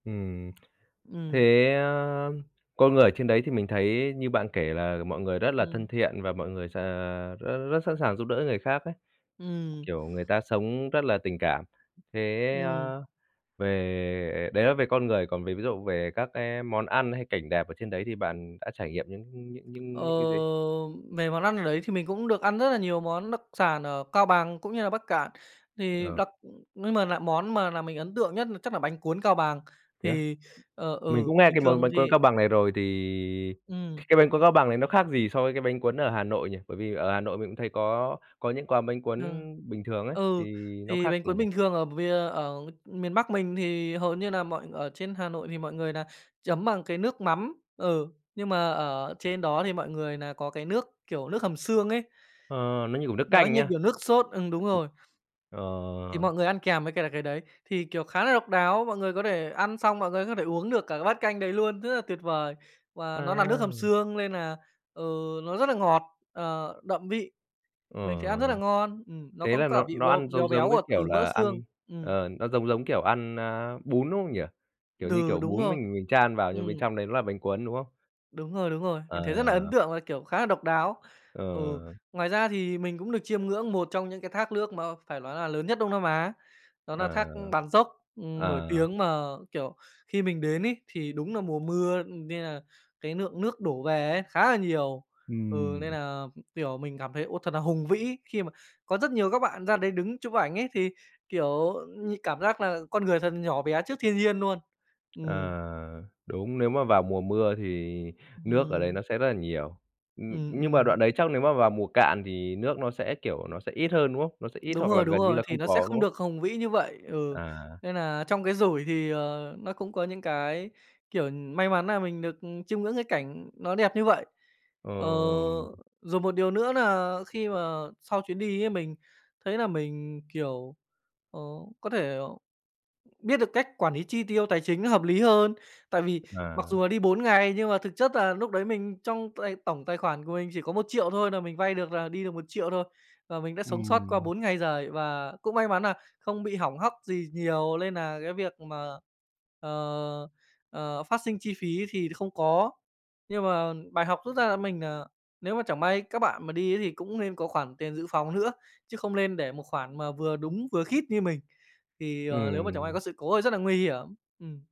Ừm. Ừm. Thế á con người ở trên đấy thì mình thấy như bạn kể là mọi người rất là thân Ừm. thiện, và mọi người s à, rất rất sẵn sàng giúp đỡ người khác ấy, Ừm. kiểu, người ta sống rất là tình cảm. Thế Ừm. á về đấy là về con người, còn về ví dụ về các cái món ăn hay cảnh đẹp ở trên đấy thì bạn đã trải nghiệm những những những Ờ, những những cái gì? về món ăn ở đấy thì mình cũng được ăn rất là nhiều món đặc sản ở Cao Bằng cũng như là Bắc Kạn. Thì Ờ. đặc nhưng m lại món mà làm mình ấn tượng nhất là chắc là bánh cuốn Cao Bằng. Thế á? Thì, ờ, Mình ừ, cũng nghe bình cái món thường bánh cuốn Cao thì Bằng này rồi, thì Ừm. cái bánh cuốn Cao Bằng này nó khác gì so với cái bánh cuốn ở Hà Nội nhỉ? Bởi vì ở Hà Nội mình cũng thấy có có những quán bánh cuốn Thường bình thường ấy, thì ừ, nó thì khác bánh gì cuốn nhỉ? bình thường ở vìa ở miền Bắc mình thì hầu như nà mọi ở trên Hà Nội thì mọi người nà chấm bằng cái nước mắm. Ừ, nhưng mà ở trên đó thì mọi người nà có cái nước, kiểu, nước hầm xương ấy. Ờ, nó như, kiểu, nước Nó canh như á? kiểu nước sốt ừm, đúng rồi. Ừm, Thì ờ. mọi người ăn kèm với cả cái đấy. Thì, kiểu, khá là độc đáo, mọi người có thể ăn xong mọi người có thể uống được cả cái bát canh đấy luôn, rất là tuyệt vời. Và nó nà nước À. hầm xương nên nà, ừ, nó rất là ngọt, ờ, đậm vị. Ờ. Mình sẽ ăn rất là ngon, ừm, nó Thế cắn là cả nó vị nó béo ăn béo giống giống béo cái ở kiểu từ mỡ là xương, ăn ừm. ờ, nó giống giống kiểu ăn, a, bún, đúng không nhỉ? Kiểu như, Đừ, kiểu, đúng bún rồi, mình mình chan vào nhưng bên ừm. trong đấy nó là bánh cuốn, đúng không? Đúng rồi, đúng rồi, mình thấy rất nà ấn Ờ. tượng và, kiểu, khá nà độc đáo. Ừ, Ờ. ngoài ra thì mình cũng được chiêm ngưỡng một trong những cái thác nước mà phải lói là lớn nhất Đông Nam Á, đó nà thác Ờ, Bản Giốc, ừm, nổi ờ. tiếng, mà, kiểu, khi mình đến ấy thì đúng nà mùa mưa, ừm, nên là cái lượng nước đổ về ấy khá là nhiều. Ừ, nên Ừm. nà, kiểu, mình cảm thấy, ô, thật nà hùng vĩ. Khi mà có rất nhiều các bạn ra đấy đứng chụp ảnh ấy thì, kiểu như, cảm giác là con người thật nhỏ bé trước thiên nhiên luôn. Ờ, Ừm. đúng, nếu mà vào mùa mưa thì nước ở đấy Ừm. nó sẽ rất là nhiều. Ừm, Ừm, nhưng mà ừm đoạn đấy chắc nếu mà vào mùa cạn thì nước nó sẽ, kiểu, nó sẽ ít hơn, đúng không? Nó sẽ ít Đúng hoặc là rồi, đúng gần như rồi, là không thì nó sẽ có, đúng không không? được hùng vĩ như vậy, ừ, À. nên nà trong cái rủi thì, ờ, nó cũng có những cái, kiểu, may mắn nà mình được chiêm ngưỡng cái cảnh nó đẹp như vậy. Ờ, Ừm. rồi một điều nữa nà khi mà sau chuyến đi ấy mình thấy là mình, kiểu, ờ, có thể, ờ, biết được cách quản lý chi tiêu tài chính nó hợp lý hơn. Tại vì mặc À. dù là đi 4 ngày nhưng mà thực chất là núc đấy mình trong tài tổng tài khoản của mình chỉ có 1.000.000 thôi nà mình vay được là đi được 1.000.000 thôi. Và mình đã sống sót qua Ừm. 4 ngày giời và cũng may mắn nà không bị hỏng hóc gì nhiều lên nà cái việc mà, ờ, ờ, phát sinh chi phí thì không có. Nhưng mà bài học rút ra là mình, à, nếu mà chẳng may các bạn mà đi ấy thì cũng nên có khoản tiền dự phòng nữa, chứ không lên để một khoản mà vừa đúng, vừa khít như mình. Thì, ờ, lếu mà chẳng may Ừm. có sự cố thì rất là nguy hiểm, ừm.